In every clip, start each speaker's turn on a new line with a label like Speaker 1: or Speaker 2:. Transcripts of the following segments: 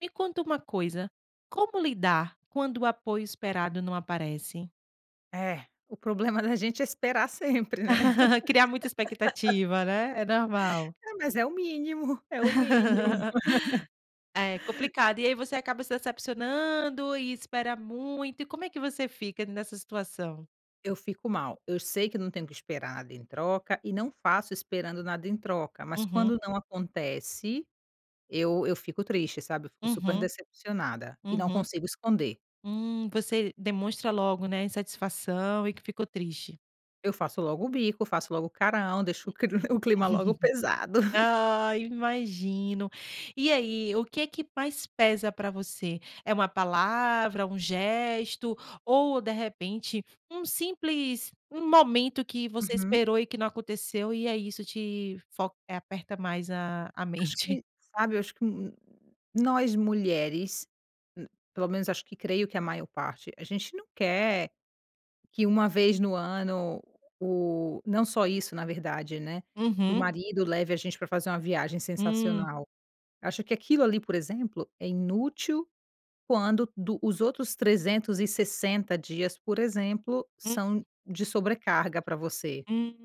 Speaker 1: Me conta uma coisa. Como lidar quando o apoio esperado não aparece?
Speaker 2: É, o problema da gente é esperar sempre né?
Speaker 1: Criar muita expectativa, né, é normal.
Speaker 2: É, mas é o mínimo, é o mínimo.
Speaker 1: É complicado. E aí você acaba se decepcionando e espera muito. E como é que você fica nessa situação?
Speaker 2: Eu fico mal, eu sei que eu não tenho que esperar nada em troca e não faço esperando nada em troca. Mas
Speaker 1: Uhum.
Speaker 2: quando não acontece eu eu fico triste, sabe, eu fico super
Speaker 1: Uhum,
Speaker 2: decepcionada e não
Speaker 1: uhum,
Speaker 2: consigo esconder.
Speaker 1: hum, você demonstra logo né, insatisfação e que ficou triste.
Speaker 2: Eu faço logo o bico, faço logo o carão, deixo o cli clima logo pesado.
Speaker 1: Ah imagino, e aí, o que que mais pesa para você, é uma palavra um gesto ou de repente um simples um momento que você
Speaker 2: Uhum.
Speaker 1: esperou e que não aconteceu e é isso te fo e aperta mais a a
Speaker 2: Acho
Speaker 1: mente.
Speaker 2: que, sabe eu acho que, nós mulheres, hum, pelo menos acho que creio que a maior parte, a gente não quer, que uma vez no ano, o não só isso na verdade, né, que o
Speaker 1: Uhum.
Speaker 2: marido leve a gente pra fazer uma viagem
Speaker 1: Hum.
Speaker 2: sensacional. Acho que aquilo ali por exemplo é inútil quando do os outros 360 dias por exemplo
Speaker 1: Hum.
Speaker 2: são de sobrecarga pra você.
Speaker 1: Hum,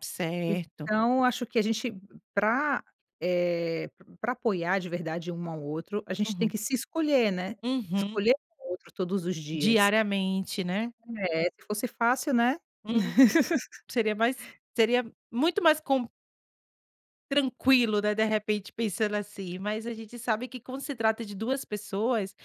Speaker 1: certo.
Speaker 2: Então acho que a gente, pra, eh, pra apoiar de verdade um ao outro, a gente tem
Speaker 1: Uhum.
Speaker 2: que se escolher, né,
Speaker 1: Uhum.
Speaker 2: escolher o outro todos os dias.
Speaker 1: Diariamente, né?
Speaker 2: É, se fosse fácil, né?
Speaker 1: Hum, seria mais seria muito mais com Tranquilo, né, de repente pensando assim mas a gente sabe que quando se trata de 2 pessoas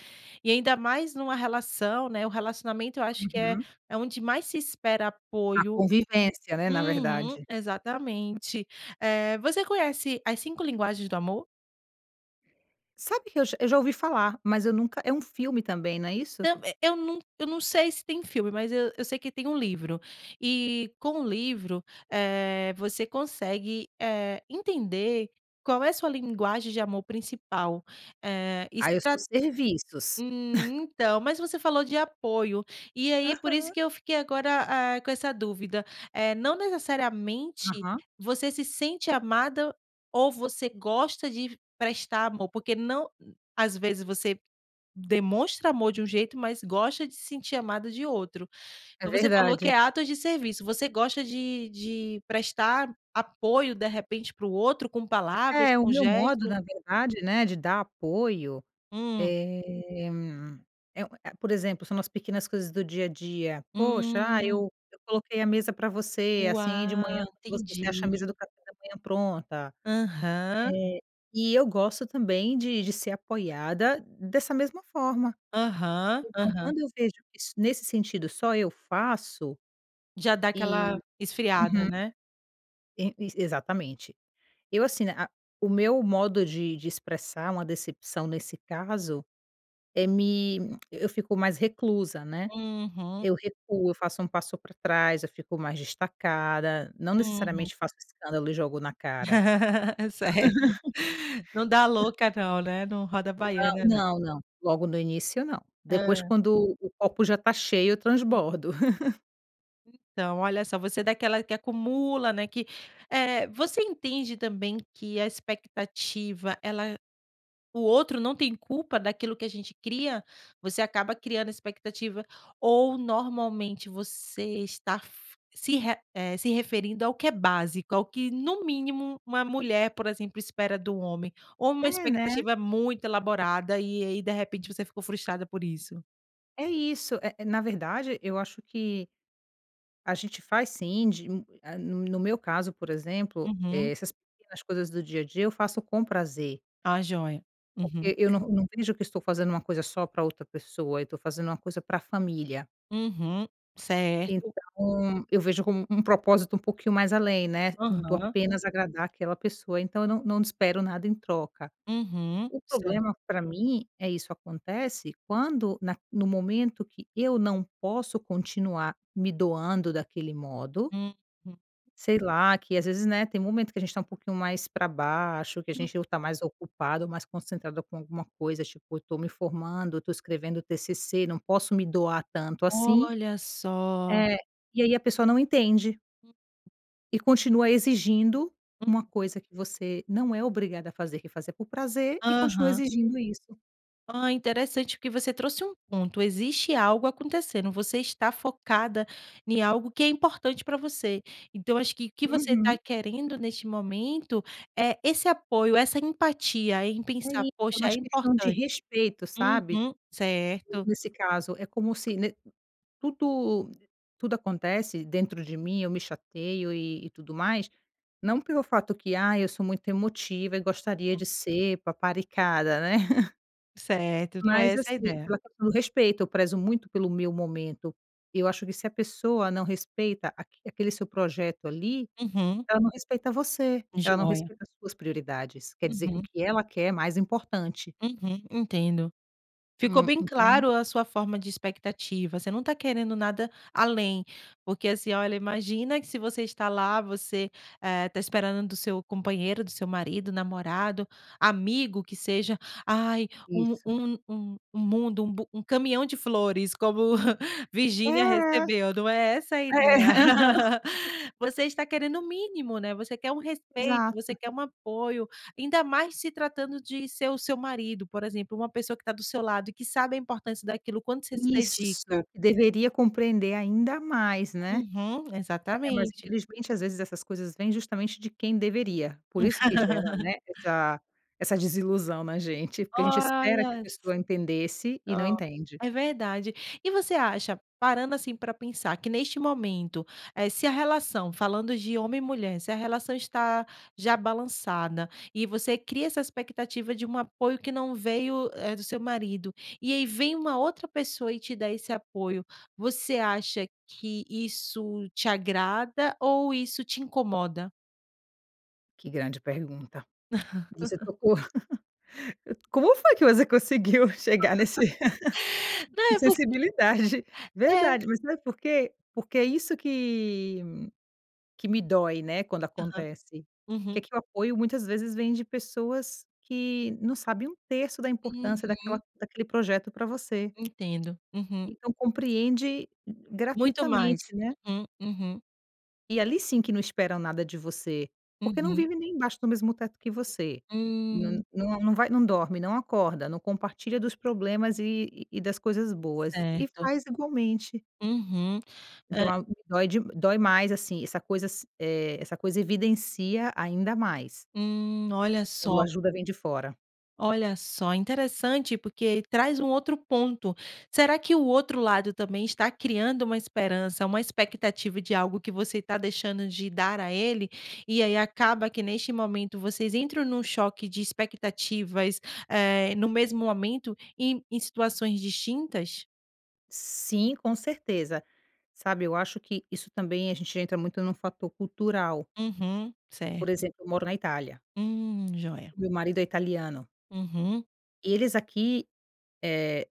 Speaker 1: e ainda mais numa relação, né, o relacionamento eu acho que é
Speaker 2: Uhum.
Speaker 1: é onde mais se espera
Speaker 2: A
Speaker 1: apoio,
Speaker 2: convivência, né, na
Speaker 1: uhum,
Speaker 2: verdade.
Speaker 1: exatamente. Eh, você conhece as 5 linguagens do amor?
Speaker 2: Sabe o que eu já eu já ouvi falar, mas eu nunca é um filme também, não é isso?
Speaker 1: Então, eh, eu não eu não sei se tem filme, mas eu eu sei que tem um livro. E com o livro, eh, você consegue, eh, entender qual é a sua linguagem de amor principal. Eh,
Speaker 2: Ah, eu sou
Speaker 1: estra
Speaker 2: serviços.
Speaker 1: Hum, então, mas você falou de apoio. E aí, por isso
Speaker 2: Aham.
Speaker 1: que eu fiquei agora, eh, com essa dúvida. Eh, não necessariamente
Speaker 2: Aham.
Speaker 1: você se sente amada ou você gosta de prestar amor. Porque não às vezes você demonstra amor de um jeito, mas gosta de se sentir amada de outro.
Speaker 2: É
Speaker 1: Então você falou que é
Speaker 2: verdade.
Speaker 1: atos de serviço. Você gosta de de prestar apoio, de repente, para o outro com palavras,
Speaker 2: É, o
Speaker 1: com
Speaker 2: meu modo
Speaker 1: gestos?
Speaker 2: na verdade, né, de dar apoio,
Speaker 1: Hum.
Speaker 2: eh, é um é a por exemplo são nas pequenas coisas do dia a dia: "Poxa, ah,
Speaker 1: Hum.
Speaker 2: eu eu coloquei a mesa pra você, assim, de manhã,
Speaker 1: Uau!
Speaker 2: quando você você acha a mesa
Speaker 1: Entendi.
Speaker 2: do café da manhã pronta".
Speaker 1: Aham.
Speaker 2: Eh, e eu gosto também de de ser apoiada dessa mesma forma.
Speaker 1: Aham.
Speaker 2: Então
Speaker 1: Aham.
Speaker 2: quando eu vejo que isso, nesse sentido só eu faço,
Speaker 1: Já dá aquela
Speaker 2: e uhum.
Speaker 1: esfriada, né?
Speaker 2: É, isso exatamente. Eu, assim, né, a o meu modo de de expressar uma decepção nesse caso é me eu fico mais reclusa, né?
Speaker 1: Uhum.
Speaker 2: Eu recuo, eu faço um passo pra trás, eu fico mais destacada. Não
Speaker 1: Uhum.
Speaker 2: necessariamente faço escândalo e jogo na cara.
Speaker 1: Certo. Não dá louca não, né? Não roda
Speaker 2: Não,
Speaker 1: baiana, não.
Speaker 2: não, não, logo no início não. Depois,
Speaker 1: Hã.
Speaker 2: quando o copo já tá cheio, eu
Speaker 1: Hum.
Speaker 2: transbordo.
Speaker 1: Então, olha só, você é daquela que acumula, né, que, eh, você entende também que a expectativa, ela o outro não tem culpa daquilo que a gente cria? Você acaba criando expectativa ou normalmente você estar f se re eh, se referindo ao que é básico, ao que, no mínimo, uma mulher, por exemplo, espera do homem? Ou uma
Speaker 2: É né?
Speaker 1: expectativa muito elaborada, e aí, de repente, você ficou frustrada por isso?
Speaker 2: É isso. Eh eh, na verdade, eu acho que, a gente faz sim, de um ah, no no meu caso, por exemplo, eh,
Speaker 1: Uhum.
Speaker 2: essas pequenas coisas do dia a dia, eu faço com prazer.
Speaker 1: Ah, joia. Uhum.
Speaker 2: Porque eu não não vejo que estou fazendo uma coisa só pra outra pessoa, eu tô fazendo uma coisa pra família.
Speaker 1: Uhum. Certo.
Speaker 2: Então, eu vejo como um propósito um pouquinho mais além, né, do
Speaker 1: Aham.
Speaker 2: apenas agradar aquela pessoa, então eu não não espero nada em troca.
Speaker 1: Uhum.
Speaker 2: O
Speaker 1: Certo.
Speaker 2: problema, pra mim, é isso acontece quando naq no momento que eu não posso continuar me doando daquele modo
Speaker 1: Uhum.
Speaker 2: sei lá, que às vezes, né, tem momento que a gente tá um pouquinho mais pra baixo, que a
Speaker 1: Hum.
Speaker 2: gente ou tá mais ocupado, mais concentrado com alguma coisa. Tipo, "eu tô me formando, eu tô escrevendo TCC, não posso me doar tanto assim".
Speaker 1: Olha só.
Speaker 2: É, e aí a pessoa não entende. E continua exigindo uma coisa que você não é obrigada a fazer, que fazia por prazer, e continua
Speaker 1: Aham.
Speaker 2: exigindo isso.
Speaker 1: Hã, interessante, porque você trouxe um ponto, existe algo acontecendo, você está focada em algo que é importante para você, então acho que o que você tá
Speaker 2: Uhum.
Speaker 1: querendo neste momento, é esse apoio, essa empatia, em
Speaker 2: É
Speaker 1: pensar:
Speaker 2: isso, é
Speaker 1: "Poxa, é
Speaker 2: mais questão de
Speaker 1: importante".
Speaker 2: respeito, sabe,
Speaker 1: Uhum. Certo.
Speaker 2: nesse caso. É como se ne tudo tudo acontece, dentro de mim, eu me chateio e e tudo mais, não pelo fato que: "Ai, eu sou muito emotiva e gostaria
Speaker 1: [unintelligible]
Speaker 2: de ser paparicada", né.
Speaker 1: Certo, num é
Speaker 2: Mas
Speaker 1: essa a
Speaker 2: assim,
Speaker 1: ideia.
Speaker 2: pela [unintelligible] o respeito, eu prezo muito pelo meu momento. Eu eu acho que se a pessoa não respeita aqu aquele seu projeto, ali,
Speaker 1: Uhum.
Speaker 2: ela não respeita você, ela não
Speaker 1: Joia.
Speaker 2: respeita as suas prioridades. Quer dizer que o
Speaker 1: Uhum.
Speaker 2: que ela quer é mais importante.
Speaker 1: Uhum, entendo. Ficou
Speaker 2: Hum.
Speaker 1: bem
Speaker 2: Então
Speaker 1: claro a sua forma de expectativa. Você não tá querendo nada além. Por que assim, olha, imagina que se você está lá, você, eh, tá esperando do seu companheiro, do seu marido, namorado, amigo, que seja, "Ai, um
Speaker 2: Isso.
Speaker 1: um um um mundo, um bu um caminhão de flores, como
Speaker 2: É,
Speaker 1: Virgínia
Speaker 2: é.
Speaker 1: recebeu", não é essa a ideia.
Speaker 2: É, aham.
Speaker 1: Você está querendo o mínimo, né. Você quer um respeito, você
Speaker 2: Exato.
Speaker 1: quer um apoio. Ainda mais se tratando de ser o seu marido, por exemplo, uma pessoa que tá do seu lado, e que sabe a importância daquilo, o quanto você se dedica.
Speaker 2: Isso. Que deveria compreender ainda mais, né.
Speaker 1: Uhum,
Speaker 2: É, mas
Speaker 1: exatamente.
Speaker 2: infelizmente, às vezes essas coisas vêm, justamente de quem deveria, por isso que gera, né, essa essa desilusão na gente. Porque a gente espera que a
Speaker 1: [unintelligible]
Speaker 2: pessoa entendesse, e não
Speaker 1: Ó,
Speaker 2: entende.
Speaker 1: é verdade. E você acha parando, assim, pra pensar, que neste momento, eh, se a relação falando de homem e mulher, se a relação está já balançada, e você cria essa expectativa de um apoio que não veio, eh, do seu marido, e aí vem uma outra pessoa e te dá esse apoio, você acha que isso te agrada ou isso te incomoda?
Speaker 2: Que grande pergunta. Você tocou como foi que você conseguiu chegar nesse
Speaker 1: Não,
Speaker 2: que
Speaker 1: é porq
Speaker 2: sensibilidade.
Speaker 1: é.
Speaker 2: Verdade, mas sabe por quê? Porque é isso que que me dói, né, quando
Speaker 1: Aham.
Speaker 2: acontece. Que
Speaker 1: Uhum.
Speaker 2: que o apoio muitas vezes vem de pessoas que não sabem 1/3 da importância daquela
Speaker 1: Uhum.
Speaker 2: daquele projeto pra você.
Speaker 1: Entendo, uhum.
Speaker 2: Então compreende
Speaker 1: Muito
Speaker 2: gratuitamente,
Speaker 1: mais.
Speaker 2: né.
Speaker 1: Uhum, uhum.
Speaker 2: E ali sim, que não esperam nada de você. Porque não
Speaker 1: Uhum.
Speaker 2: vive nem embaixo no mesmo teto que você. N
Speaker 1: Hum.
Speaker 2: nu num vai não dorme, não acorda, não compartilha dos problemas, e e e das coisas boas. E
Speaker 1: Certo.
Speaker 2: faz igualmente.
Speaker 1: Uhum.
Speaker 2: Então
Speaker 1: Hã
Speaker 2: é algo que dói dói mais assim, essa coisas eh, essa coisa evidencia ainda mais.
Speaker 1: Hum, olha
Speaker 2: Quando a
Speaker 1: só.
Speaker 2: ajuda vem de fora.
Speaker 1: Olha só. Interessante, porque traz um outro ponto. Será que o outro lado também está criando uma esperança, uma expectativa de algo que você tá deixando de dar a ele? E aí acaba que, neste momento, vocês entram num choque de expectativas, eh, no mesmo momento, e em em situações distintas?
Speaker 2: Sim, com certeza. Sabe, eu acho que isso também, a gente entra muito num fator cultural.
Speaker 1: Uhum,
Speaker 2: Por
Speaker 1: certo.
Speaker 2: exemplo, eu moro na Itália.
Speaker 1: Hum, joia.
Speaker 2: O meu marido é italiano.
Speaker 1: Uhum.
Speaker 2: Eles aqui, eh,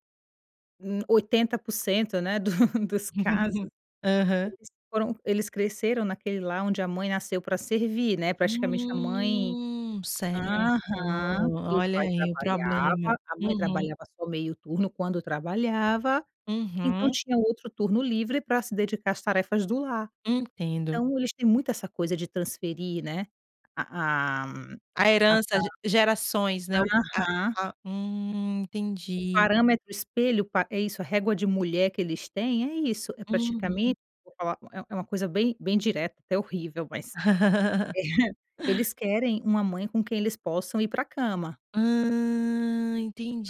Speaker 2: n 80%, né, do dos casos,
Speaker 1: Aham.
Speaker 2: eles foram eles cresceram naquele lar onde a mãe nasceu pra servir, né. Praticamente a mãe
Speaker 1: Hum, certo.
Speaker 2: aham,
Speaker 1: Ó,
Speaker 2: e o
Speaker 1: olha
Speaker 2: pai
Speaker 1: aí o problema.
Speaker 2: trabalhava, a mãe
Speaker 1: Uhum.
Speaker 2: trabalhava só meio turno, quando trabalhava, então
Speaker 1: Uhum.
Speaker 2: tinha outro turno livre pra se dedicar às tarefas do lar.
Speaker 1: Entendo.
Speaker 2: Então eles têm muito essa coisa de transferir, né, a a
Speaker 1: A
Speaker 2: a
Speaker 1: herança, ge gerações, né. O
Speaker 2: [unintelligible]
Speaker 1: a
Speaker 2: aham.
Speaker 1: a hum,
Speaker 2: O
Speaker 1: entendi.
Speaker 2: parâmetro espelho, pa é isso, a régua de mulher que eles têm, é isso, é
Speaker 1: Uhum.
Speaker 2: praticamente vou falar, é é uma coisa bem bem direta, até horrível, mas eles querem uma mãe com quem eles possam ir pra cama.
Speaker 1: Hã,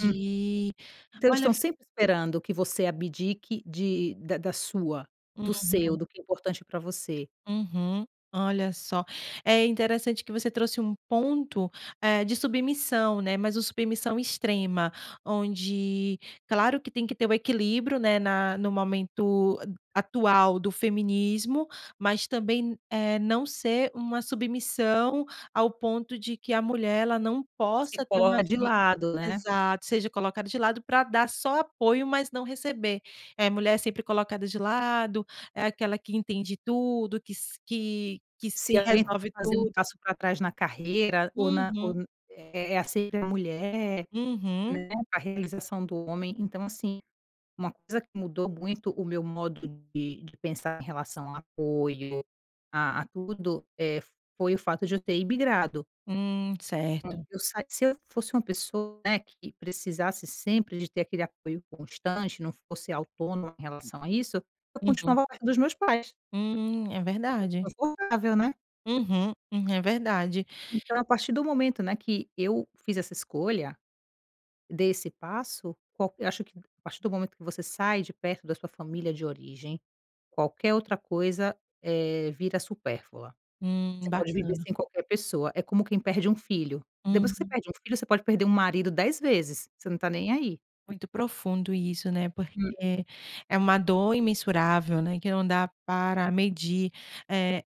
Speaker 2: Hum. Então eles
Speaker 1: Olha,
Speaker 2: estão
Speaker 1: fi
Speaker 2: sempre esperando que você abdique de da da sua do seu,
Speaker 1: Uhum.
Speaker 2: do que é importante pra você.
Speaker 1: Uhum. Olha só. É interessante que você trouxe um ponto, eh, de submissão, né, mas o submissão extrema, onde claro que tem que ter o equilíbrio, né, na no momento, a atual do feminismo, mas também n eh, não ser uma submissão ao ponto de que a mulher, ela não
Speaker 2: Se
Speaker 1: possa ter uma
Speaker 2: [unintelligible] de
Speaker 1: vi
Speaker 2: lado, né.
Speaker 1: exato, seja colocado de lado, pra dar só apoio, mas não receber. É, mulher é sempre colocada de lado, é aquela que entende tudo, que s que que se
Speaker 2: Se alguém tem
Speaker 1: resolve
Speaker 2: que fazer um
Speaker 1: tudo.
Speaker 2: passo pra trás na carreira, ou na ou
Speaker 1: Uhum.
Speaker 2: n é é é, sempre a mulher,
Speaker 1: Uhum.
Speaker 2: né. A realização do homem. Então assim, uma coisa que mudou muito o meu modo de de pensar em relação a apoio, a a tudo, eh, foi o fato de eu ter imigrado.
Speaker 1: Hum, certo.
Speaker 2: Eu sa se eu fosse uma pessoa, né, que precisasse sempre de ter aquele apoio constante, não fosse autônoma em relação a isso, eu
Speaker 1: Uhum.
Speaker 2: continuava ao lado dos meus pais.
Speaker 1: Hum, é
Speaker 2: [unintelligible]
Speaker 1: verdade.
Speaker 2: confortável, né.
Speaker 1: Uhum, hum. É verdade.
Speaker 2: Então a partir do momento, né, que eu fiz essa escolha desse passo, qualque eu acho que a partir do momento que você sai de perto da sua família de origem, qualquer outra coisa, eh, vira supérflua.
Speaker 1: Hum,
Speaker 2: Você pode viver
Speaker 1: bacana.
Speaker 2: sem qualquer pessoa. É como quem perde um filho. Depois que você
Speaker 1: Hum.
Speaker 2: perde um filho, você pode perder um marido 10 vezes, você não está nem aí.
Speaker 1: Muito profundo isso, né,
Speaker 2: Hum.
Speaker 1: porque é uma dor imensurável, né, que não dá para medir. Eh,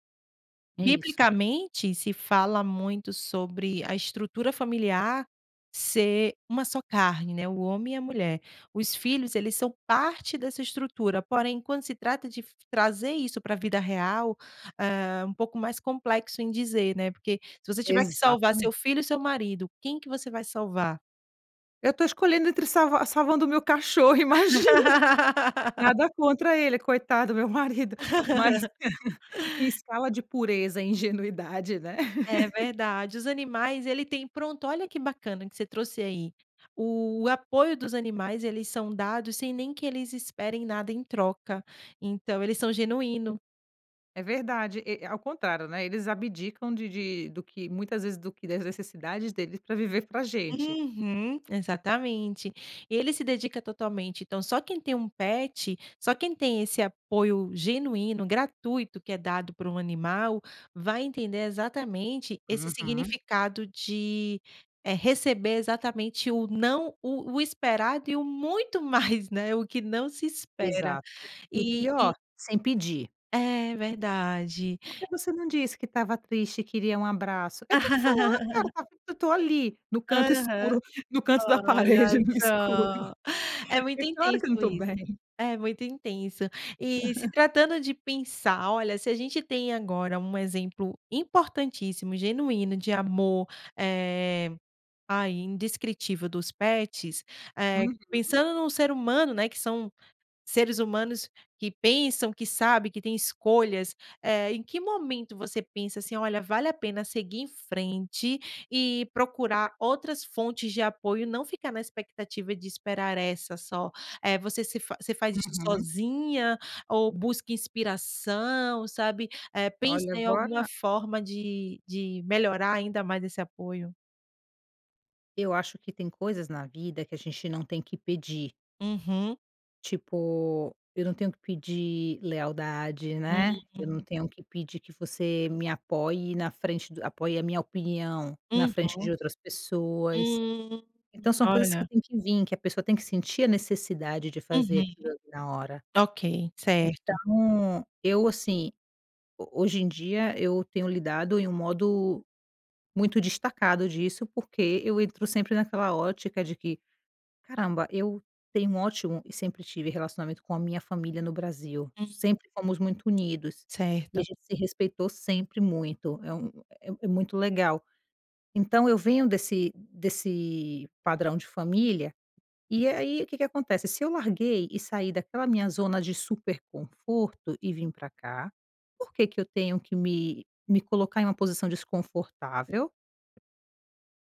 Speaker 2: É isso.
Speaker 1: biblicamente, se fala muito sobre a estrutura familiar ser uma só carne, né, o homem e a mulher. Os filhos eles são parte dessa estrutura, porém, quando se trata f trazer isso pra vida real, eh, um pouco mais complexo em dizer, né. Por que se você tiver que salvar
Speaker 2: Exatamente.
Speaker 1: seu filho e seu marido, quem que você vai salvar?
Speaker 2: Eu estou escolhendo entre salvar salvando o meu cachorro, imagina. Nada contra ele, coitado, meu marido. Mas, em escala de pureza, ingenuidade, né?
Speaker 1: É verdade. Os animais, ele tem Pronto, olha que bacana que você trouxe aí. O apoio dos animais, eles são dados sem nem que eles esperem nada em troca. Então, eles são genuíno.
Speaker 2: É verdade. E ao contrário, né, eles abdicam de de do que muitas vezes do que das necessidades deles pra viver pra gente.
Speaker 1: Uhum, exatamente. Ele se dedica totalmente. Então, só quem tem um pet, só quem tem esse apoio genuíno, gratuito que é dado por um animal, vai entender exatamente esse
Speaker 2: Uhum.
Speaker 1: significado de, eh, receber exatamente o não o o esperado e o muito mais, né, o que não se espera.
Speaker 2: Exato. E o
Speaker 1: E e
Speaker 2: pior, sem pedir.
Speaker 1: É, verdade.
Speaker 2: "Por que você não disse que estava triste e queria um abraço?" Eu tenho que falar, cara. Eu estou ali, no canto
Speaker 1: Aham.
Speaker 2: escuro, no canto da parede e
Speaker 1: Olha
Speaker 2: no escuro.
Speaker 1: só! É
Speaker 2: É
Speaker 1: muito
Speaker 2: claro
Speaker 1: intenso
Speaker 2: que eu não estou
Speaker 1: isso.
Speaker 2: bem.
Speaker 1: É muito intenso. E se tratando de pensar olha, se a gente tem agora um exemplo importantíssimo, genuíno de amor, eh, ah, indescritível dos pets, eh,
Speaker 2: Uhum.
Speaker 1: pensando num ser humano, né, que são seres humanos que pensam, que sabem que tem escolhas, eh. Em que momento você pensa assim: "Olha, vale a pena seguir em frente e procurar outras fontes de apoio e não ficar na expectativa de esperar essa só?" Eh, você se fa você faz isso
Speaker 2: Uhum.
Speaker 1: sozinha ou busca inspiração, sabe? Eh, pensa
Speaker 2: Olha,
Speaker 1: em alguma
Speaker 2: agora
Speaker 1: forma de de melhorar ainda mais esse apoio?
Speaker 2: Eu acho que tem coisas na vida que a gente não tem que pedir.
Speaker 1: Uhum.
Speaker 2: Tipo, eu não tenho que pedir lealdade, né? Eu não
Speaker 1: Hum.
Speaker 2: tenho que pedir que você me apoie na frente do apoie a minha opinião na frente de
Speaker 1: Uhum.
Speaker 2: outras pessoas.
Speaker 1: Hum.
Speaker 2: Então, são coisas que
Speaker 1: Olha.
Speaker 2: têm que vim, que a pessoa tem que sentir a necessidade de fazer
Speaker 1: Uhum.
Speaker 2: aquilo ali na hora.
Speaker 1: Ok, certo.
Speaker 2: Então eu, assim, ho hoje em dia eu tenho lidado em um modo muito destacado disso, porque eu entro sempre naquela ótica de que: "Caramba, eu tenho um ótimo" e sempre tive relacionamento com a minha família no Brasil,
Speaker 1: Hum.
Speaker 2: sempre fomos muito unidos, e a
Speaker 1: Certo.
Speaker 2: gente se respeitou sempre muito, é um é muito legal. Então, eu venho desse desse padrão de família, e aí o que que acontece? Se eu larguei e saí daquela minha zona de super conforto e vim pra cá, por que que eu tenho que me me colocar em uma posição desconfortável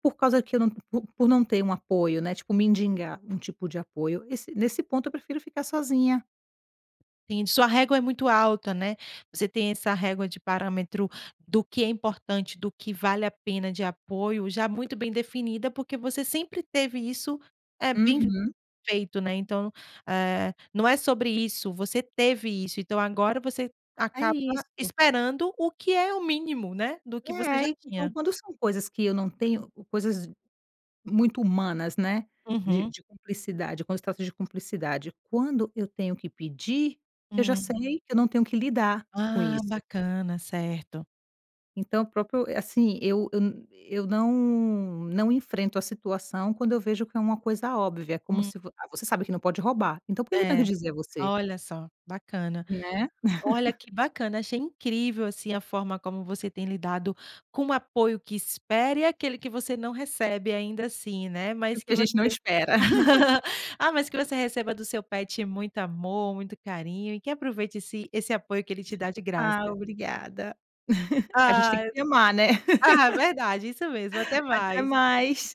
Speaker 2: Por causa que eu não por por não ter um apoio, né, tipo, mendigar um tipo de apoio. Esse nesse ponto, eu prefiro ficar sozinha.
Speaker 1: [unintelligible] Sua régua é muito alta, né. Você tem essa régua de parâmetro do que é importante, do que vale a pena de apoio, já muito bem definida, porque você sempre teve isso, eh, bem f
Speaker 2: Uhum.
Speaker 1: feito, né. Então, eh, não é sobre isso, você teve isso, então agora você
Speaker 2: É
Speaker 1: acaba
Speaker 2: isso.
Speaker 1: esperando o que é o mínimo, né, do
Speaker 2: É,
Speaker 1: que você já
Speaker 2: aí Então
Speaker 1: tinha.
Speaker 2: quando são coisas que eu não tenho coisas muito humanas, né, de
Speaker 1: Uhum.
Speaker 2: de cumplicidade, quando se trata de cumplicidade, quando eu tenho que pedir, eu já
Speaker 1: Hum.
Speaker 2: sei que eu não tenho que lidar com
Speaker 1: Ah,
Speaker 2: isso.
Speaker 1: bacana, certo.
Speaker 2: Então o próprio eh, assim, eu eu n eu não não enfrento a situação, quando eu vejo que é uma coisa óbvia, é como
Speaker 1: Hum.
Speaker 2: se fo ah, você sabe que não pode roubar, então por que que eu tenho que
Speaker 1: É.
Speaker 2: dizer a você?
Speaker 1: Olha só. Bacana.
Speaker 2: Né.
Speaker 1: Olha que bacana, achei incrível, assim, a forma como você tem lidado com o apoio que espere, e aquele que você não recebe, ainda assim, né, mas
Speaker 2: Aquilo
Speaker 1: que
Speaker 2: que a gente não
Speaker 1: você
Speaker 2: espera.
Speaker 1: ah, mas que você receba do seu pet muito amor, muito carinho, e que aproveite esse esse apoio que ele te dá de graça.
Speaker 2: Ah, obrigada. A gente tem que
Speaker 1: Ai
Speaker 2: se amar, né.
Speaker 1: Ah, verdade, isso mesmo. Até
Speaker 2: Até
Speaker 1: mais.
Speaker 2: mais.